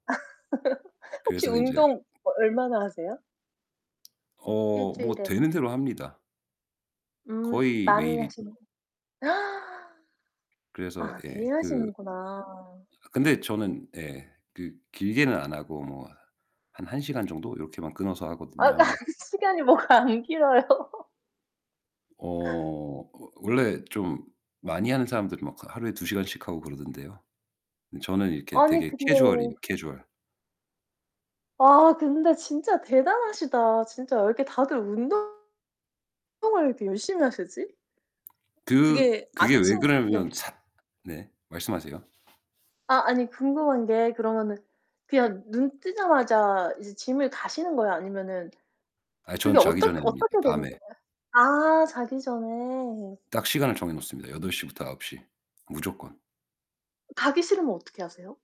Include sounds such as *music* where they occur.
*laughs* 혹시 그래서 이제 운동 어 얼마나 하세요? 1 어 뭐 주일에. 되는 대로 합니다. 음 거의 많이 매일이죠. 하시는 *gasps* 그래서 아 예. 매일 그 하시는구나. 근데 저는 예 그 길게는 안하고 뭐 한 1 시간 정도 요렇게만 끊어서 아 그 하거든요. 시간이 뭐가 안 길어요. 어 워 원래 좀 많이 하는 사람들은 막 그 하루에 2 시간씩 하고 그러던데요. 근데 저는 이렇게 아니 되게 근데 캐주얼이에요, 캐주얼. 아 근데 진짜 대단하시다. 진짜 왜 이렇게 다들 운동을 이렇게 열심히 하시지? 그 그게 그게 왜 아침 네. 그러냐면 사 네. 말씀하세요. 아 아니 궁금한 게 그러면은 그냥 눈 뜨자마자 이제 gym을 가시는 거예요 아니면은 아 저는 그게 자기 어떻 전에 합니다, 어떻게 되는 밤에. 거예요? 아 자기 전에. 딱 시간을 정해 놓습니다, 8:00 부터 9:00 무조건. 가기 싫으면 어떻게 하세요?